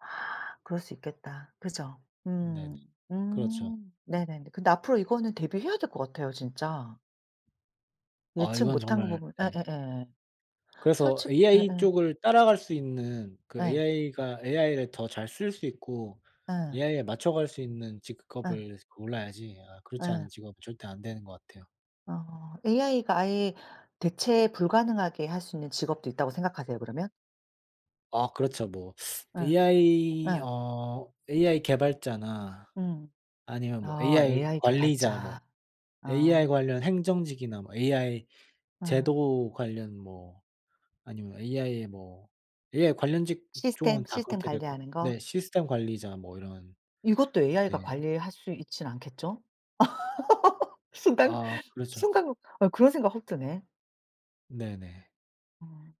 아 그럴 수 있겠다. 그죠? 네네. 음. 그렇죠. 음. 네네네. 근데 앞으로 이거는 대비해야 될 것 같아요 진짜. 아 예측 이건 못한 정말 부분 네. 예예예. 그래서 솔직 ai 예예. 쪽을 따라갈 수 있는 그 예. ai가 ai를 더 잘 쓸 수 있고 예. ai에 맞춰갈 수 있는 예. 직업을 골라야지 아 그렇지 예. 않은 직업은 절대 안 되는 것 같아요. 어. ai가 아예 대체 불가능하게 할 수 있는 직업도 있다고 생각하세요? 그러면? 아 그렇죠. 뭐 예. ai 예. 어 ai 개발자나 음. 아니면 뭐 어. ai ai 관리자 뭐 개발자. 어. ai 관련 행정직이나 뭐 ai 음. 제도 관련 뭐 아니면 ai의 뭐 ai 관련 시스템, 직종은 다 시스템 그렇게 될 거 관리하는 거. 네. 시스템 관리자 뭐 이런 이것도 네. ai가 관리할 수 있진 않겠죠? 순간 아. 그렇죠. 순간 아 그런 생각 확 드네. 네네. 어.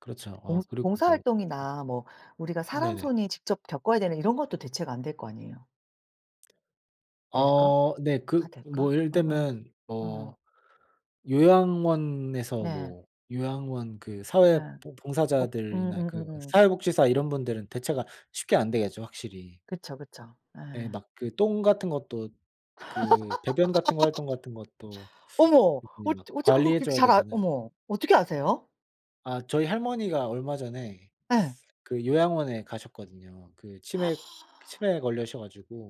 그렇죠. 봉 어 그리고 봉사 뭐 활동이나 뭐 우리가 사람 네네. 손이 직접 겪어야 되는 이런 것도 대체가 안 될 거 아니에요. 될까? 어. 네. 다 그 될까? 뭐 예를 어어. 들면 뭐 어. 요양원에서 네. 뭐 요양원 그 사회 예. 봉 독 봉사자들이나 그 음음음음. 사회복지사 이런 분들은 대체가 쉽게 안 되겠죠 확실히. 그쵸, 그쵸. 예. 예. 막 그 똥 같은 것도 그 배변 같은 거 활동 같은 것도 어머 일일이 어찌, 막 어찌 그걸 관리해 그렇게 줘야 잘 아 되잖아요. 어머 어떻게 아세요? 아 저희 할머니가 얼마 전에 예. 그 요양원에 가셨거든요. 그 치매 아. 치매에 걸리셔 가지고.